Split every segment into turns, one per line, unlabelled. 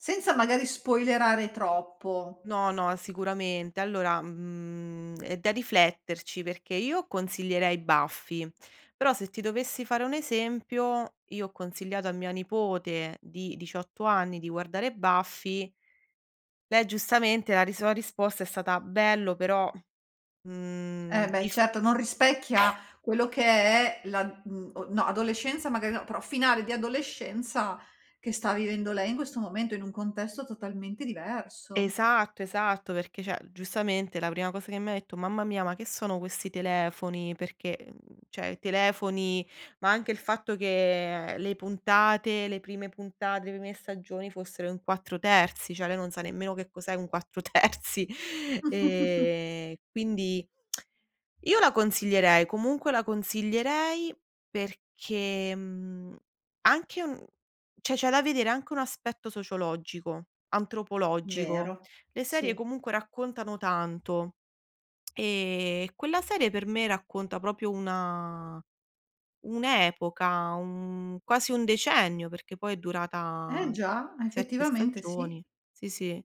Senza magari spoilerare troppo.
No, no, sicuramente. Allora, mhmm, è da rifletterci perché io consiglierei Buffy, però se ti dovessi fare un esempio, io ho consigliato a mia nipote di 18 anni di guardare Buffy. Lei giustamente la ris la risposta è stata: "Bello però". Mhmm,
Eh beh
dif
certo, non rispecchia quello che è la, mh, no adolescenza magari no, però finale di adolescenza che sta vivendo lei in questo momento, in un contesto totalmente diverso.
Esatto esatto, perché cioè, giustamente la prima cosa che mi ha detto: "Mamma mia, ma che sono questi telefoni?". Perché, uhm, cioè, i telefoni ma anche il fatto che le puntate le prime puntate, le prime stagioni fossero in 4:3, cioè lei non sa nemmeno che cos'è un 4:3 e quindi io la consiglierei, comunque la consiglierei perché mhmm, anche un cioè c'è da vedere anche un aspetto sociologico, antropologico.
Vero,
Le serie
sì.
comunque raccontano tanto e quella serie per me racconta proprio una un'epoca, un quasi un decennio, perché poi è
Eh
durata
già,
7
effettivamente sì.
stagioni. Sì, sì,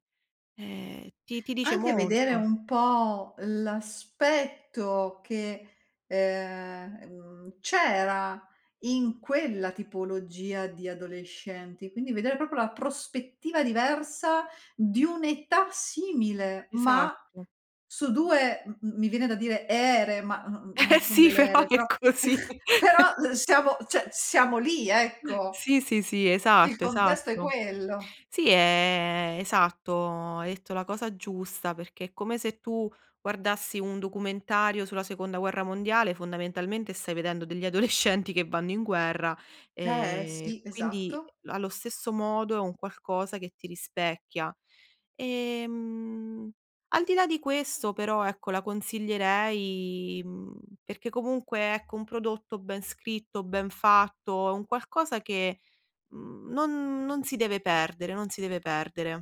ehm, ti ti dice
Anche vedere
molto.
un po' l'aspetto che, ehm, mhmm, c'era in quella tipologia di adolescenti, quindi vedere proprio la prospettiva diversa di un'età simile, ma
Esatto.
su 2 m mi viene da dire ere, ma no non
Eh
son
sì,
delle
però
ere però,
è così.
però l siamo cioè siamo lì ecco,
Sì, sì, sì,
il
esatto,
contesto è
esatto.
quello.
Sì, è esatto, hai detto la cosa giusta, perché è come se tu guardassi un documentario sulla seconda guerra mondiale, fondamentalmente stai vedendo degli adolescenti che vanno in guerra
Eh
e
si,
quindi
esatto.
allo stesso modo è un qualcosa che ti rispecchia. Ehm, al di là di questo però ecco la consiglierei, mhmm, perché comunque ecco un prodotto ben scritto, ben fatto è un qualcosa che, mhmm, non non si deve perdere non si deve perdere.